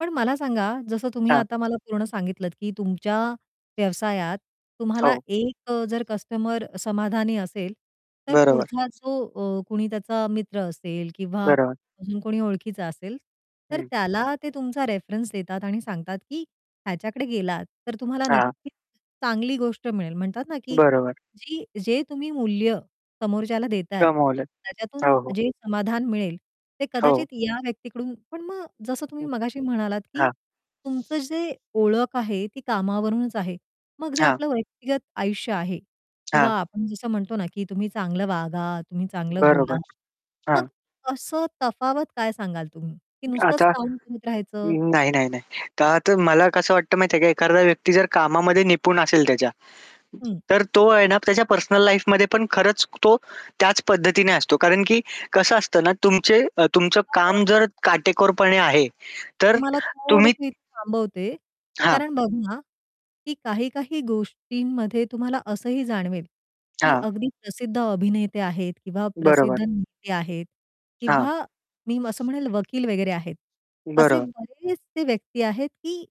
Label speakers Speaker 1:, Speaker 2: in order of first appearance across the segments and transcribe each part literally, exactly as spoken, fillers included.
Speaker 1: पण मला सांगा जसं तुम्ही
Speaker 2: हां.
Speaker 1: आता मला पूर्ण सांगितलंत, की तुमच्या व्यवसायात, तुम्हाला
Speaker 2: हो.
Speaker 1: एक अ, जर कस्टमर समाधानी असेल, तर
Speaker 2: बरोबर.
Speaker 1: पुढचा जो अ, कुणी त्याचा मित्र असेल किंवा
Speaker 2: बरोबर.
Speaker 1: अजून कोणी ओळखीचा असेल, तर
Speaker 2: हं.
Speaker 1: त्याला ते तुमचा रेफरन्स देतात आणि सांगतात की "ह्याच्याकडे गेलात तर तुम्हाला
Speaker 2: हां.
Speaker 1: नक्कीच चांगली गोष्ट मिळेल." म्हणतात ना की
Speaker 2: बरोबर.
Speaker 1: जी जे तुम्ही मूल्य समोरच्याला देताय
Speaker 2: कमवलंत.
Speaker 1: त्याच्यातून
Speaker 2: हो, हो.
Speaker 1: जे समाधान मिळेल, ते
Speaker 2: हो.
Speaker 1: कदाचित या व्यक्तीकडून पण मग जसं तुम्ही
Speaker 2: हं,
Speaker 1: मगाशी म्हणालात की
Speaker 2: हां.
Speaker 1: तुमचं जे ओळख आहे ती कामावरूनच आहे. मग जे
Speaker 2: हां.
Speaker 1: आपलं व्यक्तिगत आयुष्य आहे किंवा
Speaker 2: हां.
Speaker 1: आपण जसं म्हणतो ना की तुम्ही चांगलं वागा, तुम्ही चांगलं बोला.
Speaker 2: बरोबर,
Speaker 1: मग
Speaker 2: हां.
Speaker 1: असं तफावत काय सांगाल तुम्ही की नुसतंच
Speaker 2: आता
Speaker 1: काम करत राहायचं?
Speaker 2: नाही नाही नाही. तर मला कसं वाटतं माहिती आहे का? एखारदा व्यक्ती जर कामामध्ये निपुण असेल त्याच्या,
Speaker 1: हं.
Speaker 2: तर तो आहे ना त्याच्या पर्सनल लाईफमध्ये पण खरंच तो त्याच पद्धतीने असतो. कारण की कसं असतं ना तुमचे अ, तुमचं काम
Speaker 1: [unintelligible]
Speaker 2: जर काटेकोरपणे आहे तर
Speaker 1: तुम्हाला
Speaker 2: तुम्ही
Speaker 1: थोडसं इथं थांबवते
Speaker 2: हां.
Speaker 1: कारण बघा, की काही-काही गोष्टींमध्ये तुम्हाला असंही जाणवेल की
Speaker 2: हां.
Speaker 1: अगदी प्रसिद्ध अभिनेते आहेत किंवा
Speaker 2: बरोबर.
Speaker 1: प्रसिद्ध नेते आहेत
Speaker 2: हां.
Speaker 1: किंवा मी असं म्हणेल वकील वगैरे आहेत. असे
Speaker 2: बरं.
Speaker 1: बरेचसे व्यक्ती आहेत की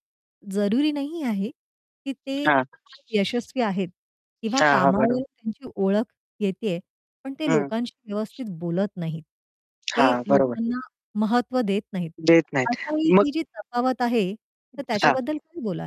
Speaker 1: जरुरी नाही आहे की ते
Speaker 2: हां.
Speaker 1: यशस्वी आहेत किंवा
Speaker 2: हां, हां बरो
Speaker 1: कामावर त्यांची ओळख येतेय, पण ते
Speaker 2: हं.
Speaker 1: लोकांशी व्यवस्थित बोलत नाहीत. ते
Speaker 2: हां. बरोबर.
Speaker 1: लोकांना महत्त्व देत नाहीत.
Speaker 2: देत नाहीत.
Speaker 1: अशावेळी
Speaker 2: मग
Speaker 1: ही जी तफावत आहे तर
Speaker 2: हां.
Speaker 1: त्याच्याबद्दल काय बोलाल?